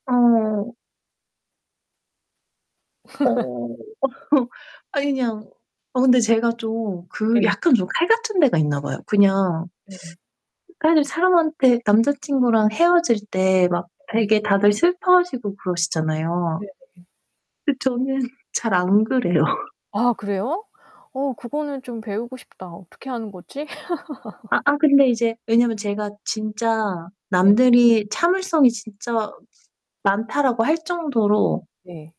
어어. 어 아니 그냥 어 근데 제가 좀 그 예. 약간 좀 칼 같은 데가 있나 봐요. 그냥 네. 사실 사람한테 남자친구랑 헤어질 때 막 네. 되게 다들 슬퍼하시고 그러시잖아요. 네네. 그 저는 잘 안 그래요. 아 그래요? 어 그거는 좀 배우고 싶다. 어떻게 하는 거지? 아아 근데 이제 왜냐면 제가 진짜 네. 남들이 "참을성이 진짜 많다."라고 할 정도로 네.